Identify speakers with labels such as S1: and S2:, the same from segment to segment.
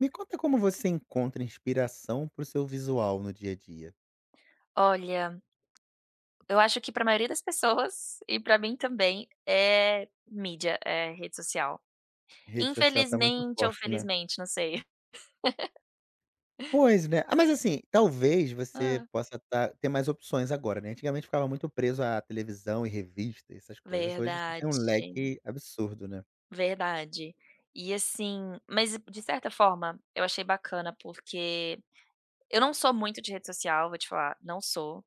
S1: Me conta como você encontra inspiração para o seu visual no dia a dia.
S2: Olha, eu acho que pra maioria das pessoas, e pra mim também, é mídia, é rede social.
S1: Rede social tá muito
S2: Infelizmente ou
S1: forte, né?
S2: felizmente, não sei.
S1: Pois é, ah, mas, assim, talvez você
S2: Hã?
S1: possa tá ter mais opções agora, né, antigamente ficava muito preso à televisão e revista e essas coisas, hoje você tem
S2: Verdade.
S1: um leque absurdo, né?
S2: Verdade. E assim, mas de certa forma, eu achei bacana, porque eu não sou muito de rede social vou te falar, não sou,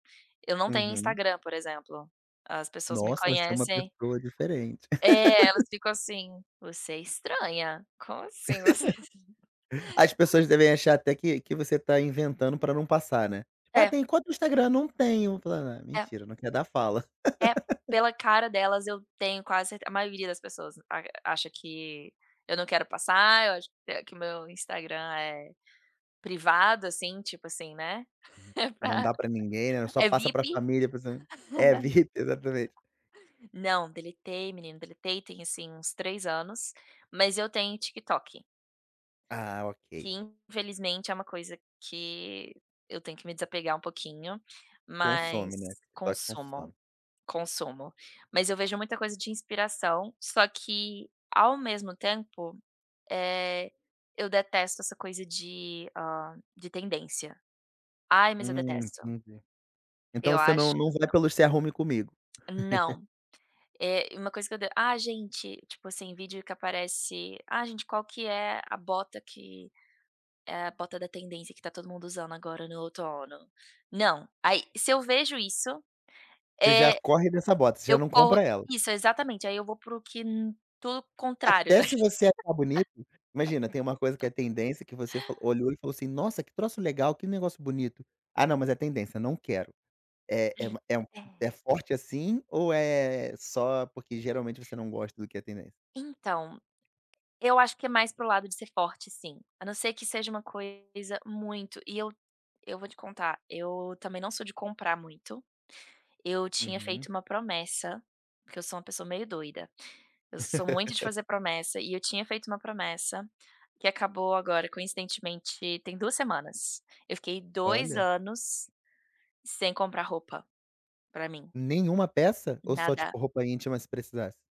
S2: eu não tenho
S1: Uhum.
S2: Instagram, por exemplo, as pessoas me
S1: Nossa, você é uma
S2: conhecem
S1: pessoa diferente.
S2: É, elas ficam assim: "você é estranha, como assim você"
S1: As pessoas devem achar até que que você tá inventando pra não passar, né, "ah,
S2: É.
S1: tem conta no Instagram, não tenho". Fulana:
S2: É.
S1: "mentira, não quer dar, fala".
S2: É, pela cara delas eu tenho quase cer a maioria das pessoas arg acha que eu não quero passar eu acho que meu Instagram é privado assim tipo assim né, é
S1: Não
S2: pra
S1: dá pra ninguém, né, só
S2: é
S1: passa
S2: vip.
S1: pra família e para os am é VIP, exatamente.
S2: Não, deletei menino, deletei tem assim uns 3 anos, mas eu tenho TikTok.
S1: Ah,
S2: Que
S1: ok.
S2: infelizmente é uma coisa que eu tenho que me desapegar um pouquinho,
S1: Consome, né, o
S2: mas
S1: TikTok
S2: consumo
S1: consome.
S2: consumo. Mas eu vejo muita coisa de inspiração, só que ao mesmo tempo, eh, eu detesto essa coisa de, ah, de tendência. Ai mas eu
S1: Hum,
S2: detesto.
S1: entendi. Então
S2: Eu
S1: você não
S2: acho, que
S1: não vai
S2: não.
S1: pelo se arrume comigo?
S2: Não. Eh uma coisa que eu de ah gente, tipo assim vídeo que aparece, "ah, gente qual que é a bota que, eh, a bota da tendência que tá todo mundo usando agora no outono?" Não, aí se eu vejo isso,
S1: Você já
S2: eh,
S1: corre dessa bota. Você já
S2: eu
S1: não
S2: corro
S1: compra ela.
S2: isso exatamente aí eu vou para o que, tudo contrário.
S1: Até se você achar bonito? Imagina, tem uma coisa que é tendência que você fa olhou e falou assim: "nossa, que troço legal, que negócio bonito. Ah não, mas é tendência, não quero". Eh, é
S2: Hum
S1: uma é um
S2: é.
S1: é forte assim ou é só porque geralmente você não gosta do que é tendência?
S2: Então, eu acho que é mais pro lado de ser forte sim, a não ser que seja uma coisa muito e eu eu vou te contar. Eu também não sou de comprar muito, eu tinha
S1: Uhum.
S2: feito uma promessa, porque eu sou uma pessoa meio doida. Eu sou muito de fazer promessa e eu tinha feito uma promessa, que acabou agora coincidentemente tem 2 semanas. Eu fiquei 2
S1: Olha!
S2: anos, sem comprar roupa pra mim.
S1: Nenhuma peça? Ou só
S2: Nada.
S1: tipo roupa íntima se precisasse?